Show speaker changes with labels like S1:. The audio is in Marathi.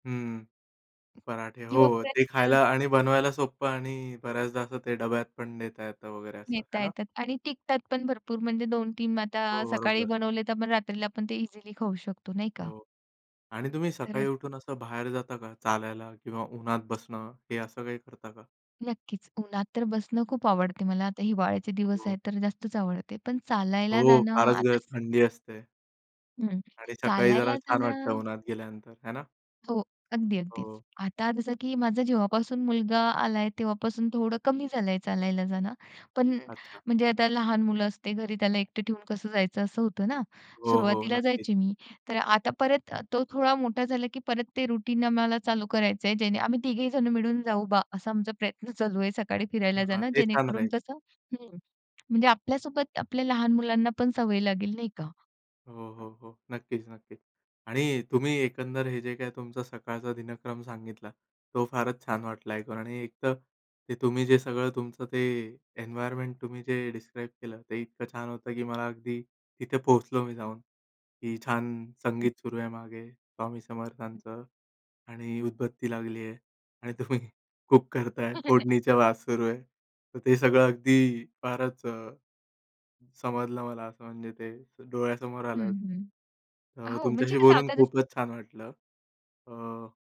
S1: हं, पराठे हो, हो. ते
S2: किंवापर्यंत
S1: खायला आणि बनवायला सोप्पं आणि बऱ्याचदा असं ते डब्यात पण नेता येतं वगैरे, असं
S2: नेता
S1: आहे ना?
S2: येतात आणि टिकतात पण भरपूर म्हणजे 2-3
S1: हो,
S2: आता सकाळी
S1: बरोबर.
S2: बनवले, तर आपण रात्रीला आपण ते इझिली खाऊ शकतो, नाही का?
S1: हो आणि तुम्ही
S2: तर
S1: सकाळी उठून असं बाहेर जाता का? चालायला किंवा उन्हात बसणं. हे असं काही करता का?
S2: नक्कीच. उन्हात तर बसणं खूप आवडते मला. आता हिवाळ्याचे दिवस
S1: हो.
S2: आहेत, तर जास्तच आवडते. पण चालायला
S1: हो,
S2: जाणं
S1: फारच गार
S2: आता
S1: थंडी असते.
S2: हं,
S1: आणि सकाळी जरा
S2: चालायला
S1: छान
S2: जाण
S1: वाटतं, उन्हात गेल्यानंतर, है ना?
S2: हो, अगदी अगदीच.
S1: हो.
S2: आता जसं की माझा जेव्हापासून मुलगा आला आहे, तेव्हापासून थोडं कमी झालं आहे चालायला जाणं. पण
S1: अच्छा.
S2: म्हणजे आता लहान मुलं असते घरी, त्याला एकटं ठेवून कसं जायचं असं होतं ना.
S1: हो, हो,
S2: सुरुवातीला
S1: नक्कीच.
S2: जायची मी. तर आता परत तो थोडा मोठा झाला की परत ते रुटीन आम्हाला चालू करायचं आहे, जेणे आम्ही 3घेही जण मिळून जाऊ बा, असा आमचा प्रयत्न चालू आहे, सकाळी फिरायला
S1: हां,
S2: जाणं,
S1: ते छान
S2: जेणेकरून
S1: राहील.
S2: कसं हं, म्हणजे आपल्या सोबत आपल्या लहान मुलांनापण सवय लागेल, नाही का?
S1: हो, हो, हो, नक्कीच-नक्कीच. आणि तुम्ही एकंदर हे जे काही तुमचा सकाळचा दिनक्रम सांगितला, तो फारच छान वाटला ऐकून आणि एकतर ते तुम्ही जे सगळं तुमचं ते एन्व्हायर्नमेंट तुम्ही जे डिस्क्राईब केलं, ते इतकं छान होतं की मला अगदी तिथे पोहोचलो मी जाऊन, की छान
S2: हं.
S1: संगीत सुरू आहे मागे स्वामी समर्थांचं आणि उदबत्ती लागली आहे आणि तुम्ही कुक करत आहे, फोडणीच्या वास सुरू आहे. तर ते सगळं अगदी फारच अ समजलं मला असं, म्हणजे ते डोळ्यासमोर
S2: हं,
S1: आलं.
S2: हं,
S1: अ,
S2: हो, म्हणजे
S1: तुमच्याशी
S2: कसं
S1: बोलून
S2: आता जस
S1: खूपच छान वाटलं. अ